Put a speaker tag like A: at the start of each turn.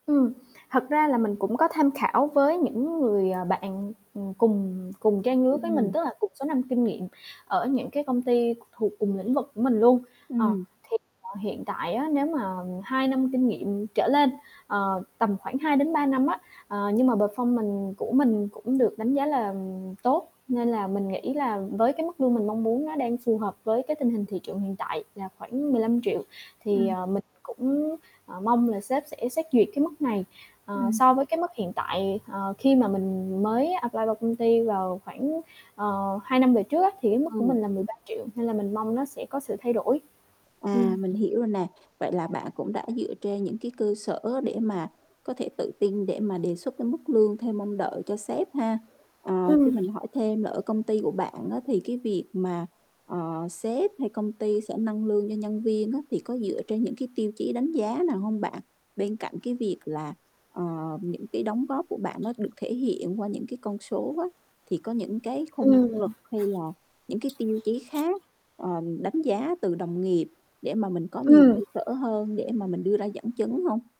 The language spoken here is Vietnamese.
A: Ừm, thật ra là mình cũng có tham khảo với những người, ờ, bạn, ừm, cùng cùng trang lứa với mình,
B: Ừm.
A: tức là cùng số năm kinh nghiệm ở những cái công ty thuộc cùng lĩnh vực của mình luôn. Ờ,
B: Ừm.
A: thì [unintelligible] hiện tại á, nếu mà 2 năm kinh nghiệm trở lên, ờ, tầm khoảng 2-3 năm á, ờ, nhưng mà performance của mình cũng được đánh giá là tốt, nên là mình nghĩ là với cái mức lương mình mong muốn, nó đang phù hợp với cái tình hình thị trường hiện tại là khoảng 15.000.000. Thì,
B: Ừm.
A: ờ, mình cũng, ờ, mong là sếp sẽ xét duyệt cái mức này, ờ,
B: Ừm.
A: so với cái mức hiện tại, ờ, khi mà mình mới apply vào công ty vào khoảng, ờ, 2 năm về trước á, thì cái mức của
B: Ừ.
A: mình là 13.000.000, nên là mình mong nó sẽ có sự thay đổi. Ừm.
B: À, mình hiểu rồi nè. Vậy là bạn cũng đã dựa trên những cái cơ sở để mà có thể tự tin để mà đề xuất cái mức lương theo mong đợi cho sếp ha. Ờ, cho
A: Ừm.
B: mình hỏi thêm là ở công ty của bạn á thì cái việc mà, ờ, sếp hay công ty sẽ nâng lương cho nhân viên á, thì có dựa trên những cái tiêu chí đánh giá nào hông bạn? Bên cạnh cái việc là, ờ, những cái đóng góp của bạn nó được thể hiện qua những cái con số á, thì có những cái khung
A: Ừm.
B: năng lực hay là những cái tiêu chí khác, ờ, đánh giá từ đồng nghiệp để mà mình có nhiều cơ
A: Ừm.
B: sở hơn để mà mình đưa ra dẫn chứng hông?